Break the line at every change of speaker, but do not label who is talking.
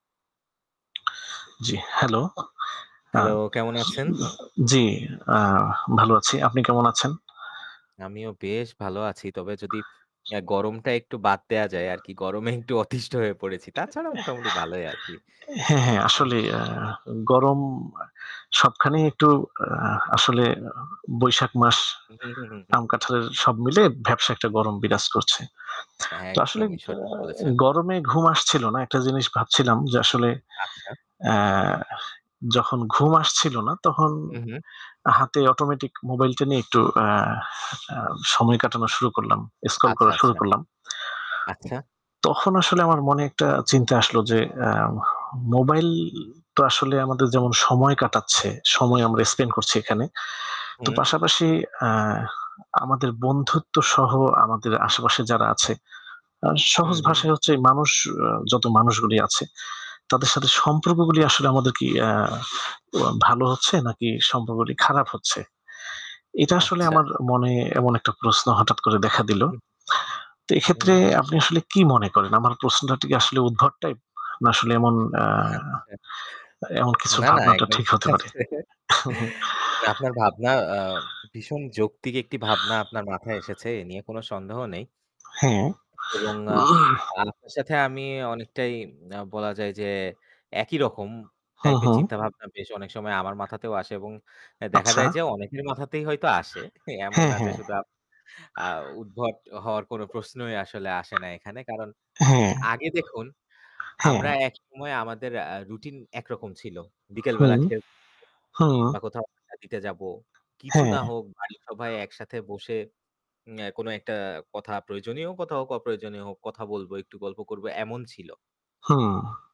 জ্বি, হেলো? আ
হ্যালো, কেমন আছেন?
জ্বি। আ ভালো আছি। আপনি কেমন আছেন?
আমিও বেশ ভালো আছি। তবে যদি আ গরমটা একটু বাদ দেয়া যায় আরকি। গরমে একটু অতিষ্ঠ হয়ে পড়েছি। তাছাড়া মোটামুটি ভালোই আছি।
হ্যাঁ, হ্যাঁ।
আহা।
আসলেই। আ গরম সবখানেই একটু আ আসলে বৈশাখ মাস
হু, হু, হু, হু,
আম
হু।
কাঁঠালের সব মিলে ব্যাবসা একটা গরম বিরাজ করছে। তো আসলে আ
একদমই সঠিক বলেছেন।
গরমে ঘুম আসছিল না। একটা জিনিস ভাবছিলাম যে আসলে
আচ্ছা।
আ যখন ঘুম আসছিল না তখন
হু, হু।
হাতে automatic মোবাইলটা নিয়ে একটু আ আ সময় কাটানো শুরু করলাম। Scroll
আচ্ছা,
করা শুরু
আচ্ছা।
করলাম।
আচ্ছা।
তখন আসলে আমার মনে একটা চিন্তা আসলো যে আ মোবাইল তো আসলে আমাদের যেমন সময় কাটাচ্ছে। সময় আমরা spend
হু।
করছি এখানে। তো
হুম।
পাশাপাশি এ আমাদের বন্ধুত্বসহ আমাদের আশেপাশে যারা আছে আ
হু,
সহজ
হু।
ভাষায় হচ্ছে মানুষ আ যত মানুষগুলো আছে তাদের সাথে সম্পর্কগুলি আসলে আমাদের কি আ অয়া ভালো হচ্ছে নাকি সম্পর্কগুলো খারাপ হচ্ছে? এটা আসলে
আচ্ছা।
আমার মনে এমন একটা প্রশ্ন হঠাৎ করে দেখা দিল।
হুম।
তো
হু,
এক্ষেত্রে
হু।
আপনি আসলে কি মনে করেন? আমার প্রশ্নটা কি আসলে উদ্ভট টাইপ না আসলে এমন আ
আচ্ছা।
এমন কিছু
না, না।
ভাবনাটা
একদম
ঠিক
ঠিক
হতে পারে?
আছে। না, আপনার ভাবনা আ ভীষণ যৌক্তিক একটি ভাবনা আপনার মাথায় এসেছে। এ নিয়ে কোনো সন্দেহ নেই।
হ্যাঁ।
এবং আ আপনার সাথে আমি অনেকটাই ম্না বলা যায় যে একই রকম
হু,
টাইপের
হু।
চিন্তাভাবনা বেশ অনেক সময় আমার মাথাতেও আসে এবং এ দেখা
আচ্ছা।
যায় যে অনেকের মাথাতেই হয়তো আসে। এমন
হ্যাঁ,
না যে
হ্যাঁ।
শুধু আপ আ উদ্ভট হওয়ার কোন প্রশ্নই আসলে আসে না এখানে। কারণ
হ্যাঁ।
আগে দেখুন আমরা
হ্যাঁ।
একসময় আমাদের আ রুটিন একরকম ছিল। বিকেল
হু।
বেলা খেল
হু।
বা কোথাও আড্ডা দিতে যাবো। কিছু না
হ্যাঁ।
হোক বাড়ির সবাই একসাথে বসে উম্না কোনো একটা কথা প্রয়োজনীয় কথা হোক অপ্রয়োজনীয় হোক, কথা বলবো একটু গল্প করবো, এমন ছিল।
হুম।